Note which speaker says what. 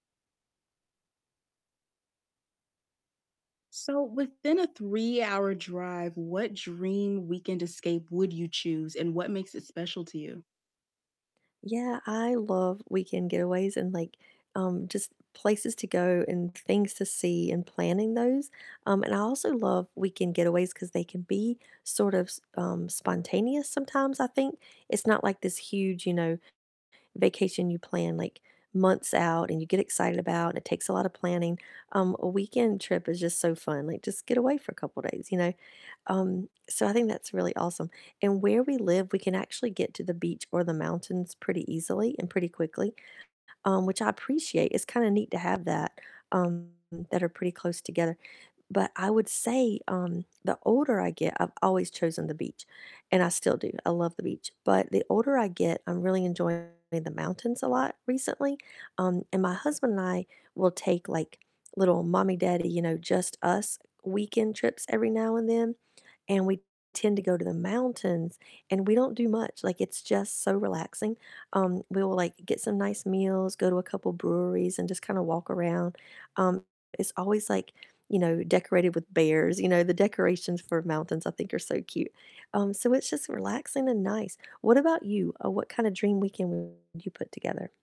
Speaker 1: So within a three-hour drive, what dream weekend escape would you choose and what makes it special to you?
Speaker 2: Yeah, I love weekend getaways and, like, um, just places to go and things to see and planning those, um, and I also love weekend getaways 'cause they can be sort of s um, spontaneous sometimes, I think, it's not like this huge, you know, vacation you plan, like, months out and you get excited about and it takes a lotta planning, um, a weekend trip is just so fun, like, just get away for a couple days, you know? Um, so I think that's really awesome, and where we live, we can actually get to the beach or the mountains pretty easily, and pretty quickly, um, which I appreciate, it's kinda neat to have that, um, that are pretty close together, but I would say, um, the older I get- I've always chosen the beach, and I still do, I love the beach- but the older I get, I'm really enjoying the mountains a lot recently, um, and my husband and I will take, like, little mommy-daddy, you know, just us weekend trips every now and then, and we tend to go to the mountains, and we don't do much, like, it's just so relaxing, um, we will, like, get some nice meals, go to a couple breweries, and just kinda walk around, um, it's always, like, you know, decorated with bears, you know, the decorations for mountains, I think, are so cute, um, so it's just relaxing and nice. What about you, uh, what kinda dream weekend would you put together?